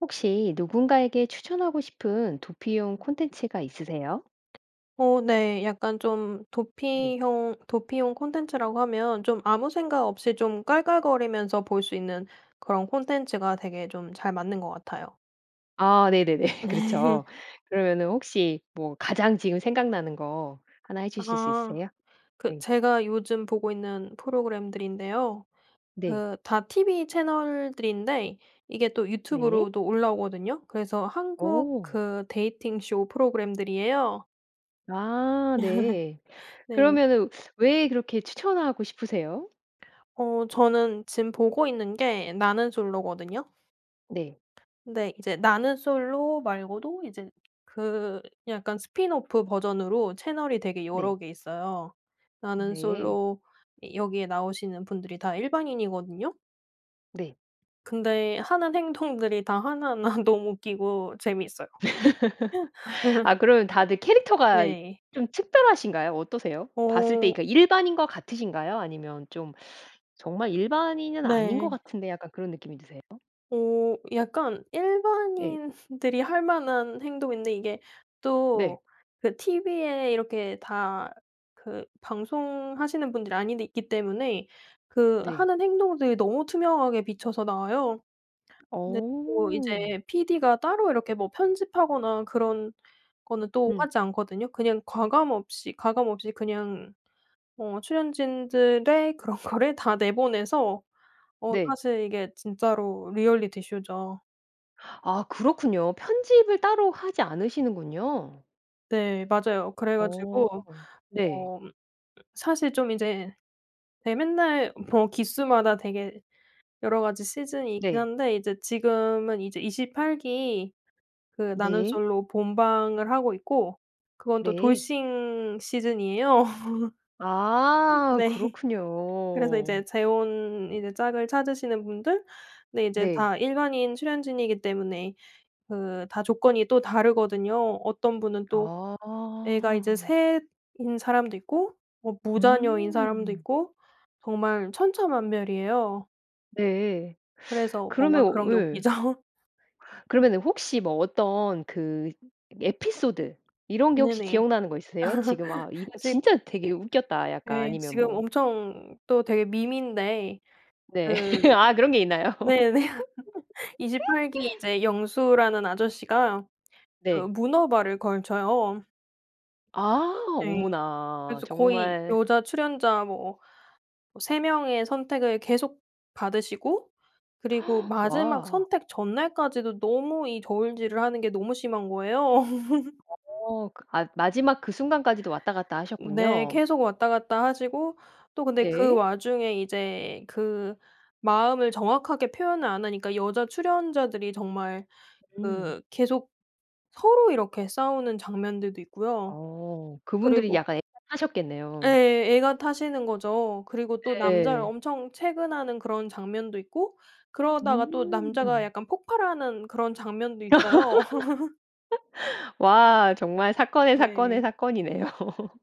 혹시 누군가에게 추천하고 싶은 도피용 콘텐츠가 있으세요? 어. 네. 약간 좀 네. 도피형 도피용 콘텐츠라고 하면 좀 아무 생각 없이 좀 깔깔거리면서 볼 수 있는 그런 콘텐츠가 되게 좀 잘 맞는 것 같아요. 아. 네네네. 그렇죠. 그러면은 혹시 뭐 가장 지금 생각나는 거 하나 해주실 수 아. 있으세요? 그 네. 제가 요즘 보고 있는 프로그램들인데요. 네. 그 다 티비 채널들인데 이게 또 네. 유튜브로도 올라오거든요. 그래서 한국 어. 그 데이팅 쇼 프로그램들이에요. 아 네. 네. 그러면은 왜 그렇게 추천하고 싶으세요? 어. 저는 지금 보고 있는 게 '나는 솔로'거든요. 네. 네. 이제 '나는 솔로' 말고도 이제 그 약간 스핀오프 버전으로 채널이 되게 네. 여러 개 있어요. '나는 네. 솔로' 이 여기에 나오시는 분들이 다 일반인이거든요. 네. 근데 하는 행동들이 다 하나하나 너무 웃기고 재미있어요. 아. 그러면 다들 캐릭터가 네. 좀 특별하신가요, 어떠세요? 봤을 때 어. 이렇게 일반인과 같으신가요? 아니면 좀 정말 일반인은 아닌 것 네. 같은데 약간 그런 느낌이 드세요? 어. 약간 네. 일반인들이 할 만한 행동인데 이게 네. 또 그 티비에 이렇게 다 그 방송하시는 분들이 아닌데 있기 때문에 그 네. 하는 행동들이 너무 투명하게 비춰서 나와요. 근데 뭐 어. 이제 피디가 따로 이렇게 뭐 편집하거나 그런 거는 또 음. 하지 않거든요. 그냥 과감 없이 가감 없이 그냥 어 출연진들의 그런 거를 다 내보내서 어 네. 사실 이게 진짜로 리얼리티쇼죠. 아 그렇군요. 편집을 따로 하지 않으시는군요. 네. 맞아요. 그래 어 가지고 네. 어 사실 좀 이제 예 맨날 뭐 기수마다 되게 여러 가지 시즌이 있긴 네. 한데 이제 지금은 이제 28 기 그 나는 네. 솔로 본방을 하고 있고 그건 또 네. 돌싱 시즌이에요. 아 네. 그래서 그렇군요. 이제 재혼 이제 짝을 찾으시는 분들. 근데 이제 네. 다 일반인 출연진이기 때문에 그 다 조건이 또 다르거든요. 어떤 분은 또 애가 이제 아. 3 인 사람도 있고 뭐 무자녀인 사람도 음. 있고 정말 천차만별이에요. 네. 그래서 그러면 뭔가 그런 게 예. 웃기죠. 그러면 혹시 뭐 어떤 그 에피소드 이런 게 혹시 네네. 기억나는 거 있으세요? 지금 '아 이거 지 진짜 되게 웃겼다.' 약간 예. 아니면 지금 뭐 엄청 또 되게 밈인데 네. 그 아 그런 게 있나요? 네네. 28 기에 이제 영수라는 아저씨가 그 네. 문어발을 걸쳐요. 아 네. 어머나 그래서 거의 정말 여자 출연자 뭐 뭐 3 명의 선택을 계속 받으시고 그리고 마지막 와. 선택 전날까지도 너무 이 저울질을 하는 게 너무 심한 거예요. 어 그 아 마지막 그 순간까지도 왔다 갔다 네. 하셨군요. 계속 왔다 갔다 하시고 또 근데 그 네. 와중에 이제 그 마음을 정확하게 표현을 안 하니까 여자 출연자들이 정말 음. 그 계속 서로 이렇게 싸우는 장면들도 있고요. 어 그분들이 그리고 약간 애가 예. 타셨겠네요. 애가 타시는 거죠. 그리고 또 남자를 네. 엄청 채근하는 그런 장면도 있고 그러다가 또 남자가 음. 약간 폭발하는 그런 장면도 있어요. 와 정말 사건의 사건의 네. 사건이네요.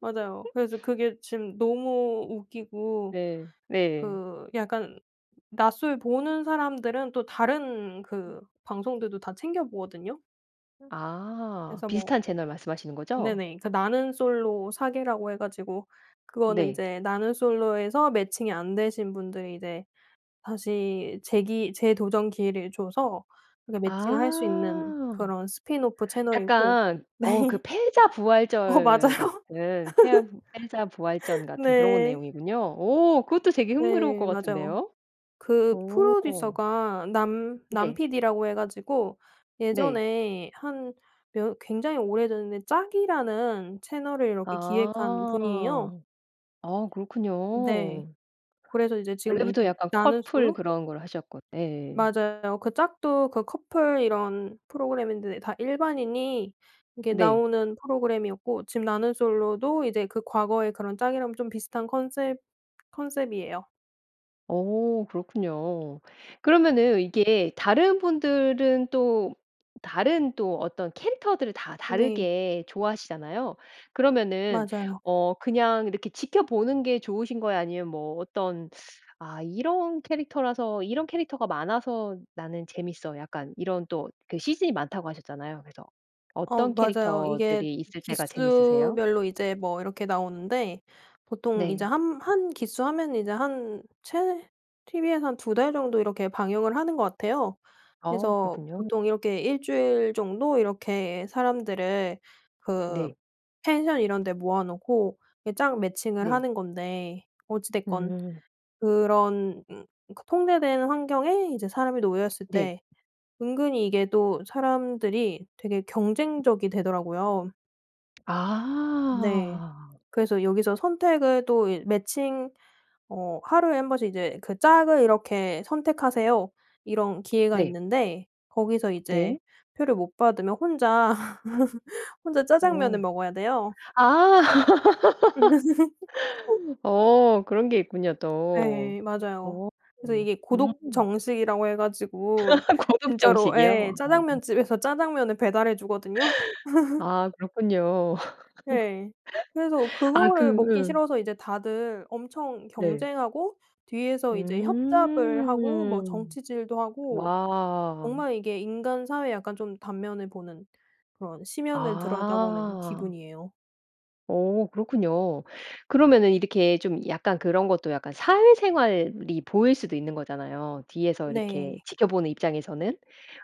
맞아요. 그래서 그게 지금 너무 웃기고 네. 네. 그 약간 나솔 보는 사람들은 또 다른 음. 그 방송들도 다 챙겨 보거든요. 아 그래서 뭐 비슷한 채널 말씀하시는 거죠? 네네. 그 나는 솔로 사계라고 해 가지고 그거는 네. 이제 나는 솔로에서 매칭이 안 되신 분들이 이제 다시 재기 재도전 기회를 줘서 이렇게 매칭할 수 있는 아 그런 스핀오프 채널이고 약간 어 그 네. 어 맞아요. 패자부활절 같은 패 패하부 패자부활전 같은 그런 네. 내용이군요. 어 그것도 되게 흥미로울 것 네 맞아요. 같은데요? 그 오 프로듀서가 남 남 네. PD라고 해 가지고 네. 예전에 한 몇 굉장히 오래됐는데 짝이라는 채널을 이렇게 기획한 아. 분이에요. 아 네. 그렇군요. 그래서 이제 지금 원래부터 이제 약간 나는 커플 솔로 그런 걸 하셨고 네. 맞아요. 그 짝도 그 커플 이런 프로그램인데 다 일반인이 이렇게 네. 나오는 프로그램이었고 지금 나는 솔로도 이제 그 과거의 그런 짝이랑 좀 비슷한 컨셉 컨셉이에요. 어 그렇군요. 그러면은 이게 다른 분들은 또 다른 또 어떤 캐릭터들을 다 네. 다르게 좋아하시잖아요. 그러면은 맞아요. 어 그냥 이렇게 지켜보는 게 좋으신 거예요? 아니면 뭐 어떤 '아 이런 캐릭터라서 이런 캐릭터가 많아서 나는 재미있어.' 약간 이런 또 그 시즌이 많다고 하셨잖아요. 그래서 어 어떤 맞아요. 이게 캐릭터들이 있을 때가 재밌으세요? 기수별로 이제 뭐 이렇게 나오는데 보통 이제 네. 한 한 기수 하면 이제 한 최 티비에서 한 2 달 정도 이렇게 방영을 하는 것 같아요. 아 그래서 그렇군요. 보통 이렇게 1 주일 정도 이렇게 사람들을 그 네. 펜션 이런 데 모아 놓고 이게 짝 매칭을 네. 하는 건데 어찌 됐건 음. 그런 음 그 통제된 환경에 이제 사람이 놓였을 네. 때 은근히 이게 또 사람들이 되게 경쟁적이 되더라고요. 네. 아. 그래서 여기서 선택을 또 이 매칭 어 하루에 1 번씩 이제 그 "짝을 이렇게 선택하세요." 이런 기회가 네. 있는데 거기서 이제 네. 표를 못 받으면 혼자 혼자 어. 짜장면을 먹어야 돼요. 아. 어 그런 게 있군요 또. 네. 맞아요 어 그래서 음. 이게 고독 정식이라고 해 가지고 고독 진짜로 정식이요? 예 아. 짜장면집에서 짜장면을 배달해 주거든요. 아 그렇군요. 네. 그래서 아 그거를 먹기 그 싫어서 이제 다들 엄청 네. 경쟁하고 뒤에서 이제 협잡을 하고 뭐 음. 정치질도 하고 와. 정말 이게 인간 사회에 약간 좀 단면을 보는 그런 심연을 들여다보는 아. 기분이에요. 어 그렇군요. 그러면은 이렇게 좀 약간 그런 것도 약간 사회생활이 보일 수도 있는 거잖아요 뒤에서 네. 이렇게 지켜보는 입장에서는.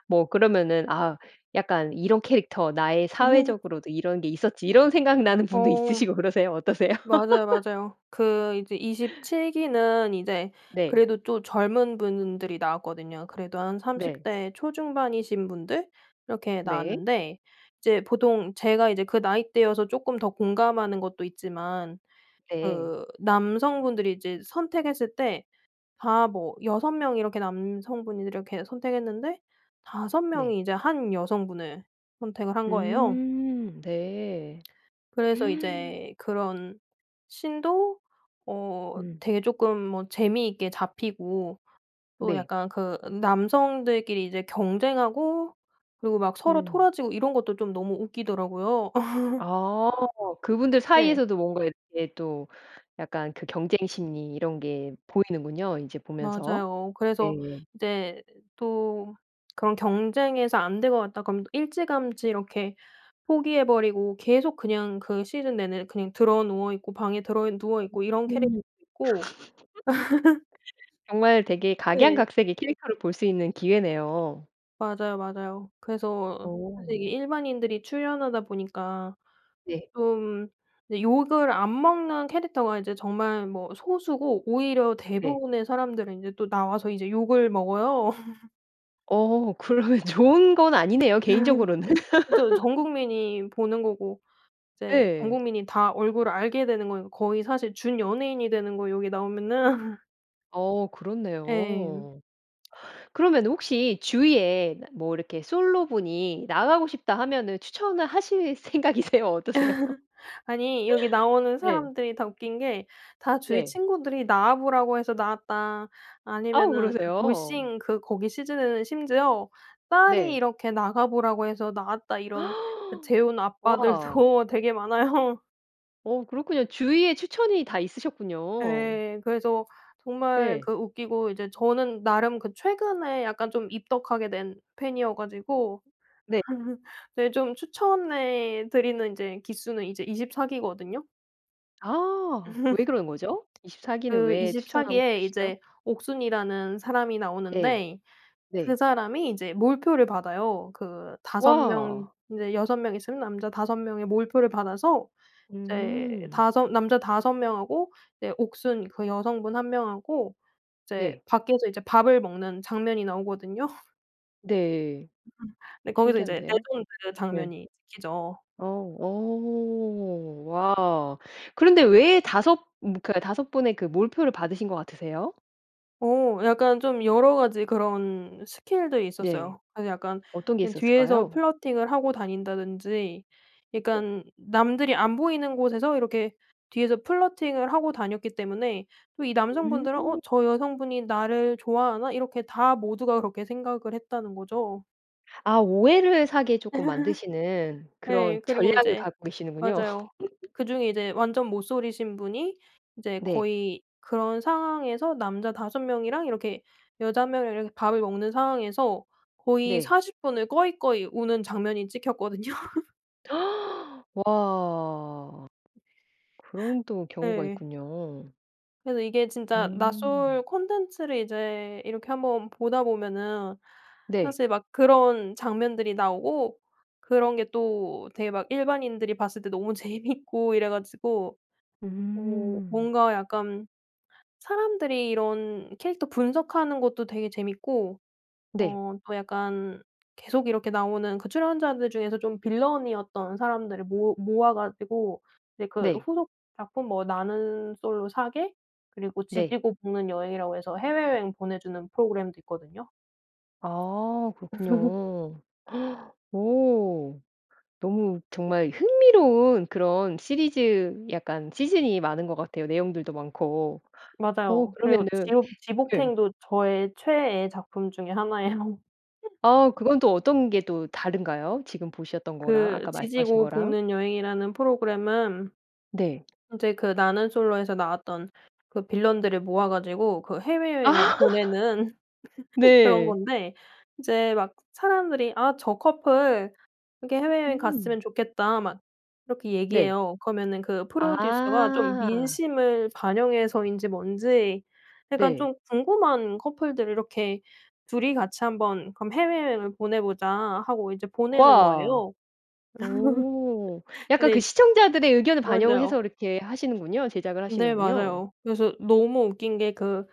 뭐 그러면은 아 약간 '이런 캐릭터 나의 사회적으로도 이런 게 있었지.' 이런 생각나는 분도 어. 있으시고 그러세요? 어떠세요? 맞아요, 맞아요. 그 이제 27 기는 이제 네. 그래도 또 젊은 분들이 나왔거든요. 그래도 한 30 네. 대 초중반이신 분들 이렇게 네. 나왔는데 이제 보통 제가 이제 그 나이대여서 쪼끔 더 공감하는 것도 있지만 네. 그 남성분들이 이제 선택했을 때 다 뭐 6 명이 이렇게 남성분들이 이렇게 선택했는데 5 네. 명이 이제 1 여성분을 선택을 한 거예요. 음. 네. 그래서 이제 그런 scene도 어 음. 되게 쪼끔 뭐 재미있게 잡히고 또 네. 약간 그 남성들끼리 이제 경쟁하고 그리고 막 서로 음. 토라지고 이런 것도 좀 너무 웃기더라고요. 아 그 분들 네. 사이에서도 뭔가 이렇게 또 약간 그 경쟁 심리 이런 게 보이는군요 이제 보면서. 맞아요. 그래서 네. 이제 또 '그런 경쟁에서 안 될 것 같다.' 그러면 또 일찌감치 이렇게 포기해 버리고 계속 그냥 그 시즌 내내 그냥 드러누워 있고, 방에 음. 드러누워 있고 이런 캐릭터도 있고 정말 되게 네. 각양각색의 캐릭터를 볼 수 있는 기회네요. 맞아요 맞아요. 그래서 어. 사실 이게 일반인들이 출연하다 보니까 네. 좀 이제 욕을 안 먹는 캐릭터가 이제 정말 뭐 소수고 오히려 네. 대부분의 사람들은 이제 또 나와서 이제 욕을 먹어요. 어 그러면 좋은 건 아니네요 개인적으로는. 그쵸. 전국민이 보는 거고 이제 예. 전국민이 다 얼굴을 알게 되는 거예요. 거의 사실 준연예인이 되는 거예요 여기 나오면은. 어우 예. 그렇네요. 그러면은 혹시 주위에 뭐 이렇게 솔로 분이 "나가고 싶다." 하면은 추천을 하실 생각이세요, 어떠세요? 아니 여기 나오는 네. 사람들이 다 웃긴 게 다 "주위 네. 친구들이 나와 보라고 해서 나왔다." 어우 아니면은 그 그러세요? 돌싱 그 거기 시즌에는 심지어 "딸이 네. 이렇게 나가 보라고 해서 나왔다." 이런 그 재혼 와. 아빠들도 되게 많아요. 어 그렇군요. 주위에 추천이 다 있으셨군요. 예. 그래서 정말 예. 그 웃기고 이제 저는 나름 그 최근에 약간 좀 입덕하게 된 팬이어 가지고 네. 네 좀 추천해 드리는 이제 기수는 이제 24 기거든요? 아 왜 그러는 거죠? 24 기는 그 왜 24 추천하고 기에 싶으시죠? 이제 옥순이라는 사람이 예. 나오는데 그 네. 사람이 이제 몰표를 받아요. 그 5 명 와. 이제 6 명 있으면 남자 5 명의 몰표를 받아서 이제 음. 5 남자 5 명하고 이제 옥순 그 여성분 1 명하고 이제 네. 밖에서 이제 밥을 먹는 장면이 나오거든요? 네. 음. 근데 거기서 이제 내 신기한데요. 돈 들여 네. 장면이 찍히죠. 어, 어. 와! 그런데 왜 5 분 그니까 5 분의 그 몰표를 받으신 것 같으세요? 어. 약간 좀 여러 가지 그런 스킬들이 네. 있었어요. 그래서 약간 어떤 게 그냥 뒤에서 있었을까요? 플러팅을 하고 다닌다든지 네. 그러니깐 남들이 안 보이는 곳에서 이렇게 뒤에서 플러팅을 하고 다녔기 때문에 또 이 음. 남성분들은 '어. 저 여성분이 나를 좋아하나?' 이렇게 다 모두가 그렇게 생각을 했다는 거죠. 아. 오해를 사게 조금 만드시는 그런 네. 그리고 전략을 이제 갖고 계시는군요. 맞아요 그중에 이제 완전 모솔이신 분이 이제 네. 거의 그런 상황에서 남자 5 명이랑 이렇게 여자 1 명이랑 이렇게 밥을 먹는 상황에서 거의 네. 40 분을 꺼이꺼이 우는 장면이 찍혔거든요. 와. 그런 또 경우가 예. 있군요. 그래서 이게 진짜 나솔 음. 콘텐츠를 이제 이렇게 한번 보다 보면은 네. 사실 막 그런 장면들이 나오고 그런 게 또 되게 막 일반인들이 봤을 때 너무 재미있고 이래 가지고 어 음. 뭔가 약간 사람들이 이런 캐릭터 분석하는 것도 되게 재미있고 네. 어 또 약간 계속 이렇게 나오는 그 출연자들 중에서 좀 빌런이었던 사람들을 모 모아 가지고 이제 그 네. 후속 작품 뭐 '나는 솔로 사계' 그리고 네. '지지고 볶는 여행'이라고 해서 해외여행 보내주는 프로그램도 있거든요. 아. 그렇군요. 어. 너무 정말 흥미로운 그런 시리즈 약간 시즌이 많은 것 같아요 내용들도 많고. 어. 맞아요. 그리고 그러면은 지옥 네. 지볶행도 저의 최애 작품 중에 하나예요. 아. 그건 또 어떤 게 또 다른가요? 지금 보셨던 거랑 그 아까 말씀하신 '지지고 거랑? 볶는 여행'이라는 프로그램은 네. 이제 그 '나는 솔로'에서 나왔던 그 빌런들을 모아 가지고 그 해외여행을 아. 보내는 그런 네. 건데 이제 막 사람들이 "아 저 커플 이렇게 해외여행 음. 갔으면 좋겠다." 막 이렇게 네. 얘기해요. 그러면은 그 프로듀서가 좀 아. 민심을 반영해서인지 뭔지 약간 네. 좀 궁금한 커플들을 이렇게 둘이 같이 한번 그럼 해외여행을 보내보자 하고 이제 보내는 와! 거예요. 오. 약간 그 근데 시청자들의 의견을 맞아요. 반영해서 이렇게 하시는군요. 제작을 네 하시는군요. 맞아요. 그래서 너무 웃긴 게 그,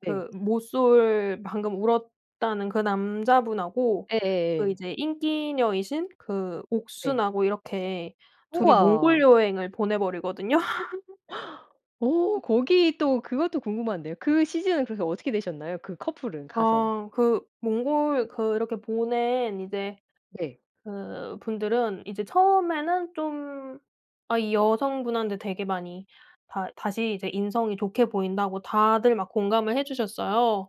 네. 그 모쏠 방금 울었다는 그 남자분하고 그 예예예. 이제 인기녀이신 그 네. 옥순하고 이렇게 둘이 몽골 우와! 여행을 보내버리거든요. 어! 거기 또 그것도 궁금한데요. 그 시즌은 그래서 어떻게 되셨나요? 그 커플은 가서? 아. 그 몽골 그 이렇게 보낸 이제 네. 그분들은 이제 처음에는 좀 아 이 여성분한테 되게 많이 다 다시 이제 인성이 좋게 보인다고 다들 막 공감을 해주셨어요.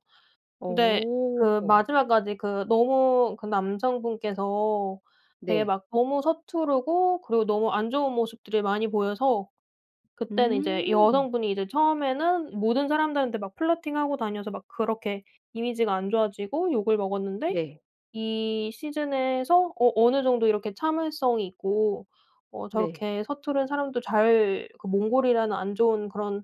근데 그 어. 마지막까지 그 너무 그 남성분께서 되게 네. 막 너무 서투르고 그리고 너무 안 좋은 모습들을 많이 보여서 그때는 이제 음. 여성분이 이제 처음에는 모든 사람들한테 막 플러팅하고 다녀서 막 그렇게 이미지가 안 좋아지고 욕을 먹었는데 네. 이 시즌에서 어 '어느 정도 이렇게 참을성이 있고 어 네. 저렇게 서투른 사람도 잘 그 몽골이라는 안 좋은 그런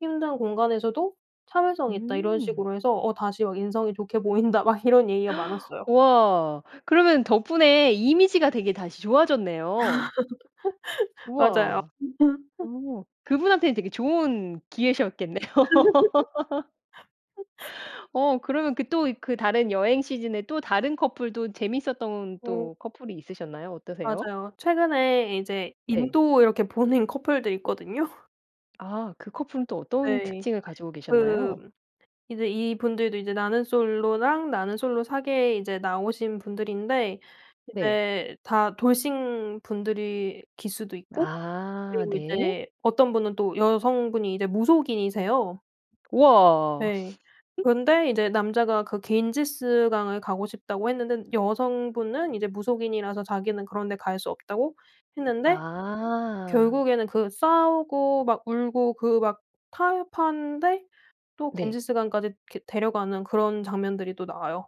힘든 공간에서도 참을성이 있다.' 이런 음. 식으로 해서 어 "다시 막 인성이 좋게 보인다." 막 이런 얘기가 많았어요. 와. 그러면 덕분에 이미지가 되게 다시 좋아졌네요. 맞아요. 우와. 어. 그분한테는 되게 좋은 기회셨겠네요. 어. 그러면 그 또 이 그 다른 여행 시즌에 또 다른 커플도 재미있었던 네. 또 커플이 있으셨나요, 어떠세요? 맞아요. 최근에 이제 네. 인도 이렇게 보낸 커플들 있거든요. 아 그 커플은 또 어떤 네. 특징을 가지고 계셨나요? 그 이제 이 분들도 이제 나는 솔로랑 나는 솔로 사계에 이제 나오신 분들인데 네. 이제 다 돌싱 분들이 기수도 있고 아 그리고 네. 이제 어떤 분은 또 여성분이 이제 무속인이세요. 우와. 네. 근데 이제 남자가 그 갠지스강을 가고 싶다고 했는데 여성분은 이제 무속인이라서 자기는 그런 데 갈 수 없다고 했는데 아. 결국에는 그 싸우고 막 울고 그 막 타협하는데 또 네. 갠지스강까지 이렇게 데려가는 그런 장면들이 또 나와요.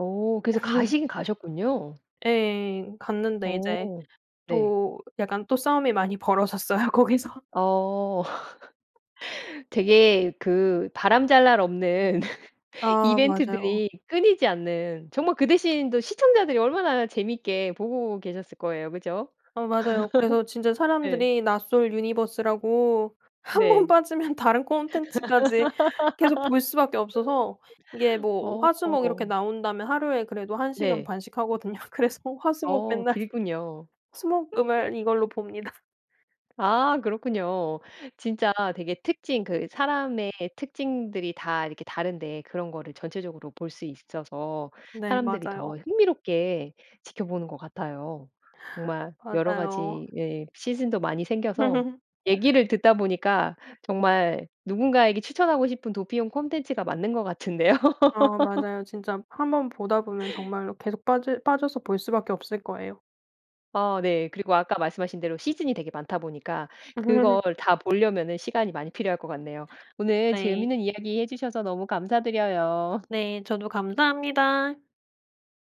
어 그래서 가시긴 가셨군요. 예. 갔는데 이제 어. 네. 또 약간 또 싸움이 많이 벌어졌어요 거기서. 어. 되게 그 바람 잘 날 없는 아. 맞아요. 이벤트들이 끊이지 않는 정말 그 대신 또 시청자들이 얼마나 재밌게 보고 계셨을 거예요. 그죠? 어 맞아요. 그래서 진짜 네. 사람들이 나솔 유니버스라고 1 번 네. 빠지면 다른 콘텐츠까지 계속 볼 수밖에 없어서 이게 뭐 화, 수, 목 이렇게 어. 나온다면 하루에 그래도 1 시간 네. 반씩 하거든요. 그래서 화, 수, 목 어. 맨날 길군요. 수, 목, 금을 이걸로 봅니다. 아 그렇군요. 진짜 되게 특징 그 사람의 특징들이 다 이렇게 다른데 그런 거를 전체적으로 볼 수 있 있어서 네. 사람들이 더 맞아요. 흥미롭게 지켜보는 것 같아요. 정말 여러 맞아요. 가지 예 시즌도 많이 생겨서 얘기를 듣다 보니까 정말 누군가에게 추천하고 싶은 도피용 콘텐츠가 맞는 것 같은데요. 어 맞아요. 진짜 한번 보다 보면 정말로 계속 빠져 빠져서 볼 수밖에 없을 거예요. 아 네. 그리고 아까 말씀하신 대로 시즌이 되게 많다 보니까 그걸 다 보려면은 시간이 많이 필요할 것 같네요. 오늘 네. 재밌는 이야기해 주셔서 너무 감사드려요. 네. 저도 감사합니다.